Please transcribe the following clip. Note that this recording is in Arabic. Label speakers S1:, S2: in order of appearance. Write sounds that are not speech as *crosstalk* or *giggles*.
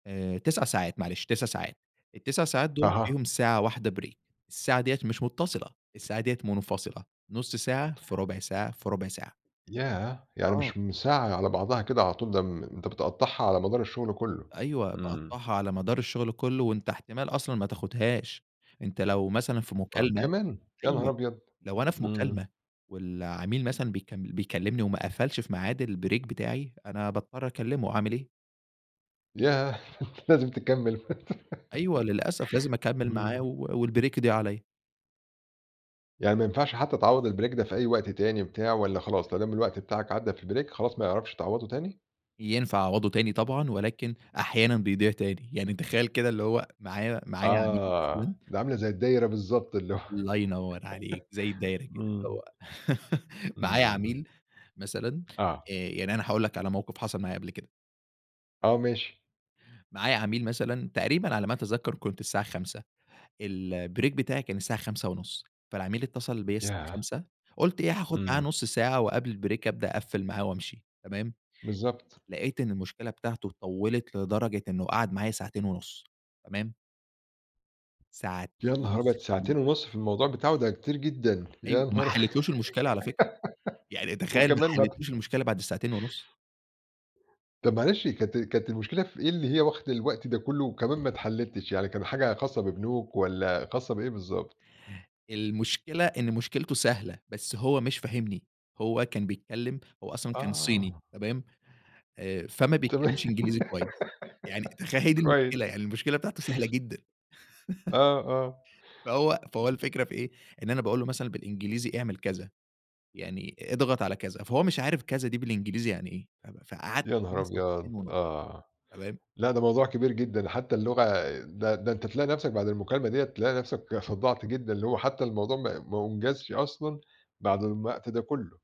S1: آآ، 9 ساعات، معلش، 9 ساعات. ال9 ساعات دول
S2: أها.
S1: فيهم ساعة واحدة break، الساعة ديَّة مش متصلة، الساعة ديَّة منفصلة، 0.5 ساعة في 0.25 ساعة في 0.25 ساعة.
S2: ياه! يعني
S1: آه.
S2: مش م ساعة على بعضها كده على طول، ده م أنت بتقطّعها على مدار الشغل كله،
S1: أيوه،
S2: امم.
S1: باقطّعها على مدار الشغل كله، وأنت احتمال أصلًا ما تاخُدهاش، أنت لو مثلًا في
S2: آه،
S1: مكالمة
S2: كمان! يا
S1: أيوه،
S2: نهار أبيض!
S1: لو أنا في
S2: امم.
S1: مكالمة والعميل مثلًا بيكم بيكلِّمني وما قفَلش في ميعاد الbreak بتاعي، أنا باضطَر أكلّمه، أعمل إيه.
S2: ياه! أنت لازم تكَمل.
S1: أيوه، للأسف لازم
S2: *laughs*
S1: أكمل معاه
S2: امم.
S1: و والbreak يضيع عليّا.
S2: يعني ما ينفعش حتى تعوّض الbreak ده في أي وقت تاني بتاع والّا خلاص ما دام الوقت بتاعك عدى في الbreak خلاص ما يعرفش تعوّضه تاني؟
S1: ينفع أعوّضه تاني طبعًا، ولكن أحيانًا بيضيع تاني. يعني تخيَّل كده اللي هو معايا معايا عميل
S2: آه،
S1: مثلًا
S2: دي عاملة زي الدايرة بالضبط، اللي هو
S1: الله ينوّر عليك، زي الدايرة
S2: *laughs*
S1: كده. اللي
S2: امم.
S1: هو *laughs* معايا
S2: امم.
S1: عميل مثلًا
S2: آه.
S1: آآ، يعني أنا هاقول لك على موقِف حصل معايا قبل كده.
S2: آه، ماشي.
S1: معايا عميل مثلًا، تقريبًا على ما أتذكَّر، كنت الساعة 17:00، الbreak بتاعي كان الساعة 17:30، فالعميل اتصَّل بيَّا الساعة
S2: ياه!
S1: 17:00، قُلت إيه، هاخُد معاه
S2: امم.
S1: نُصّ ساعة وقبل الbreak أبدأ أقفّل معاه وأمشي. تمام؟
S2: بالضبط.
S1: لقيت إن المشكلة بتاعته طوّلت لدرجة إنه قعد معايا ساعتين ونُصّ. تمام؟ ساعتين
S2: يا نهار
S1: ونُص
S2: أبيض! ساعتين
S1: كاملين.
S2: ونُص في الموضوع بتاعه! ده كتير جدًا.
S1: أيوه،
S2: يا
S1: ما
S2: نهار أ
S1: حليتلهوش المشكلة على فكرة. يعني
S2: *laughs*
S1: تخيل ما
S2: وكمان ما
S1: حليتلهوش المشكلة بعد الساعتين ونُص.
S2: طَب معلش كانت كانت المشكلة في إيه اللي هي واخدة الوقت ده كله، وكمان ما اتحلتش؟ يعني كان حاجة خاصة ببنوك والّا خاصة بإيه بالضبط؟
S1: المشكلة إن مشكلته سهلة، بس هو مش فاهمني. هو كان بيتكلَّم هو أصلًا كان صيني،
S2: آه.
S1: تمام؟ آآ، فمّا
S2: طَب
S1: بيتكلّمش إنجليزي كويِس. يعني تخيَّل، هي
S2: *giggles*
S1: دي المشكلة
S2: كويس.
S1: يعني المشكلة بتاعته سهلة جدًا. *laughs*
S2: آه، آه.
S1: فهو فهو الفكرة في إيه؟ إن أنا باقول له مثلًا بالإنجليزي: "اعمل كذا، يعني اضغط على كذا." فهو مش عارِف كذا دي بالإنجليزي يعني إيه. ف ف فقعَد
S2: يا نهار
S1: معايا
S2: أبيض!
S1: ساعتين ونُصّ،
S2: آه،
S1: تمام؟
S2: لأ ده موضوع كبير جدًا، حتى اللغة ده ده أنت تلاقي نَفسك بعد المكالمة ديّة تلاقي نَفسك صدّعت جدًا، اللي هو حتى الموضوع ما ما أُنجزش أصلًا بعد م الوقت ده كله.